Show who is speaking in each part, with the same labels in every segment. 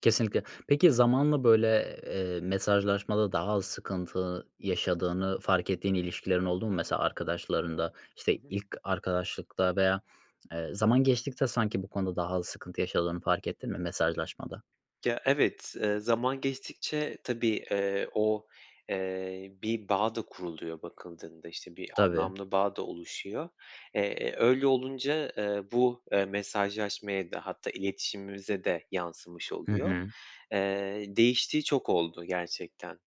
Speaker 1: Kesinlikle. Peki zamanla, böyle, eee, mesajlaşmada daha az sıkıntı yaşadığını fark ettiğin ilişkilerin oldu mu mesela arkadaşlarında? İşte,
Speaker 2: Hı hı.
Speaker 1: ilk arkadaşlıkta veya, eee, zaman geçtikçe sanki bu konuda daha az sıkıntı yaşadığını fark ettin mi mesajlaşmada?
Speaker 2: Ya evet, eee, zaman geçtikçe tabii, eee, o, eee, bir bağ da kuruluyor bakıldığında. İşte, bir
Speaker 1: Tabii.
Speaker 2: anlamlı bağ da oluşuyor. Eee, öyle olunca, eee, bu, eee, mesajlaşmaya da hatta iletişimimize de yansımış
Speaker 1: Hı
Speaker 2: oluyor.
Speaker 1: hı.
Speaker 2: Eee, değiştiği çok oldu gerçekten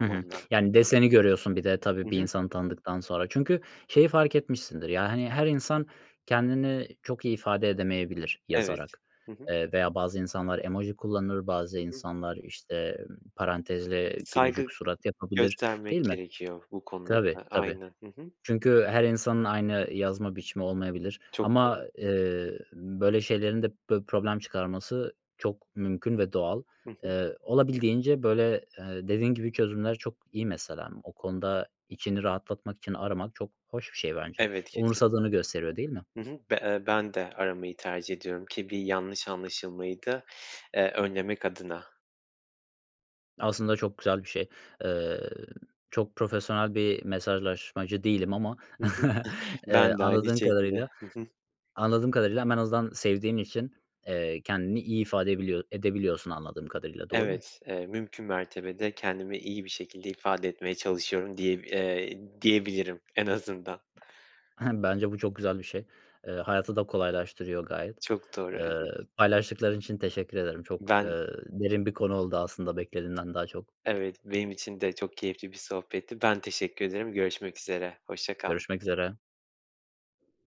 Speaker 1: Hı hı. Yani deseni görüyorsun bir de tabii
Speaker 2: Hı
Speaker 1: bir
Speaker 2: hı.
Speaker 1: insanı tanıdıktan sonra. Çünkü şeyi fark etmişsindir, ya, hani, her insan kendini çok iyi ifade edemeyebilir
Speaker 2: Evet.
Speaker 1: yazarak.
Speaker 2: Hı hı.
Speaker 1: Eee, veya bazı insanlar emoji kullanır, bazı
Speaker 2: Hı hı.
Speaker 1: insanlar, işte, parantezle gülücük
Speaker 2: Saygı
Speaker 1: surat yapabilir,
Speaker 2: göstermek
Speaker 1: değil mi?
Speaker 2: gerekiyor bu konuda
Speaker 1: Tabii,
Speaker 2: da
Speaker 1: tabii.
Speaker 2: aynen. Hı hı.
Speaker 1: Çünkü her insanın aynı yazma biçimi olmayabilir
Speaker 2: Çok
Speaker 1: ama,
Speaker 2: doğru.
Speaker 1: ııı, böyle şeylerin de pö problem çıkarması çok mümkün ve doğal.
Speaker 2: Hı hı.
Speaker 1: Iıı, olabildiğince, böyle, ııı, dediğin gibi çözümler çok iyi mesela. O konuda içini rahatlatmak için aramak çok hoş bir şey bence.
Speaker 2: Evet, kesin.
Speaker 1: Umursadığını gösteriyor, değil mi?
Speaker 2: Hı hı. B eee, ben de aramayı tercih ediyorum, ki bir yanlış anlaşılmayı da, eee, önlemek adına.
Speaker 1: Aslında çok güzel bir şey. Iıı, çok profesyonel bir mesajlaşmacı değilim ama,
Speaker 2: Hı hı.
Speaker 1: ııı,
Speaker 2: Ben de aynı
Speaker 1: anladığın
Speaker 2: şekilde.
Speaker 1: kadarıyla
Speaker 2: Hı hı.
Speaker 1: anladığım kadarıyla ama en azından sevdiğin için, eee, kendini iyi ifade edebiliyor edebiliyorsun anladığım kadarıyla, doğru mu?
Speaker 2: Evet, eee, mümkün mertebe de kendimi iyi bir şekilde ifade etmeye çalışıyorum diyeb eee, diyebilirim, en azından.
Speaker 1: Bence bu çok güzel bir şey. Eee, hayatı da kolaylaştırıyor gayet.
Speaker 2: Çok doğru, evet.
Speaker 1: Iıı, paylaştıkların için teşekkür ederim. Çok,
Speaker 2: Ben
Speaker 1: ııı, derin bir konu oldu aslında, beklediğimden daha çok.
Speaker 2: Evet, benim için de çok keyifli bir sohbetti. Ben teşekkür ederim görüşmek üzere. Hoşça kal.
Speaker 1: Görüşmek üzere.